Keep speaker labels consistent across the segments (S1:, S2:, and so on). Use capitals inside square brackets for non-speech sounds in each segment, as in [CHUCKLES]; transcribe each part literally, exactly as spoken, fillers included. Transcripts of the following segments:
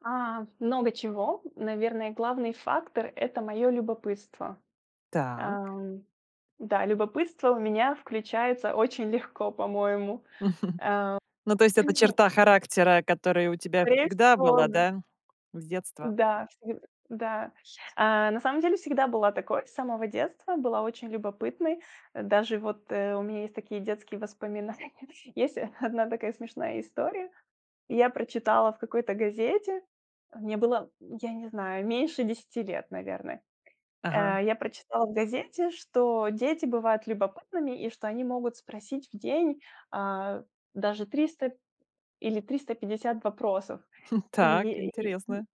S1: А, много чего. Наверное, главный фактор- это моё любопытство.
S2: Так.
S1: Ам, да, любопытство у меня включается очень легко, по-моему.
S2: [CHUCKLES] Ну, то есть
S1: Э, [CLEARS THROAT]
S2: это
S1: мгм.
S2: черта характера, который у тебя
S1: Скорее
S2: всегда
S1: всего,
S2: была,
S1: да.
S2: да, с детства?
S1: Да, сам да. Э, на самом деле всегда была такой, с самого детства была очень любопытной. Э, даже вот, э, у меня есть такие детские воспоминания. Есть [CHUCKLES] одна такая смешная история. Я прочитала в какой-то газете, э, мне было, я не знаю, меньше десяти лет, наверное.
S2: Ага.
S1: Э, я прочитала в газете, что дети бывают любопытными и что они могут спросить в день, а, даже, триста или триста пятьдесят вопросов.
S2: [CHUCKLES] Так,
S1: Ие и и
S2: интересно.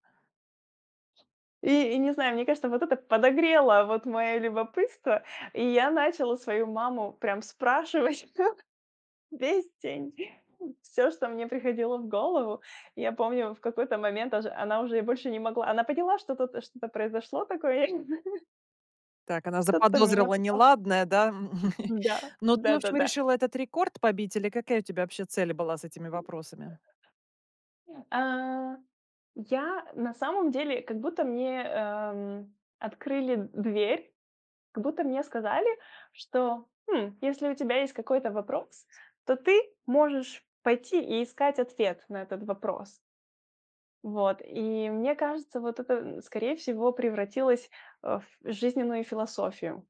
S1: И и не знаю, мне кажется, вот это подогрело вот моё любопытство. И я начала свою маму прям спрашивать всё весь день. Всё, что мне приходило в голову. Я помню, в какой-то момент даж она уже больше не могла. Она поняла, что-то, т что-то произошло такое, я не знаю. [LAUGHS]
S2: Так, она
S1: Что-то меня
S2: заподозрила
S1: подтол
S2: неладное, да? [CHUCKLES]
S1: Да,
S2: Но ты, в общем,
S1: да-да-да.
S2: решила этот рекорд побить или какая у тебя вообще цель была с этими вопросами?
S1: А, я на самом деле, как будто мне, эм, открыли дверь, как будто мне сказали, что: хм, если у тебя есть какой-то вопрос, то ты можешь пойти и искать ответ на этот вопрос. Вот и мне кажется, вот это, н скорее всего, превратилось, э, в жизненную философию.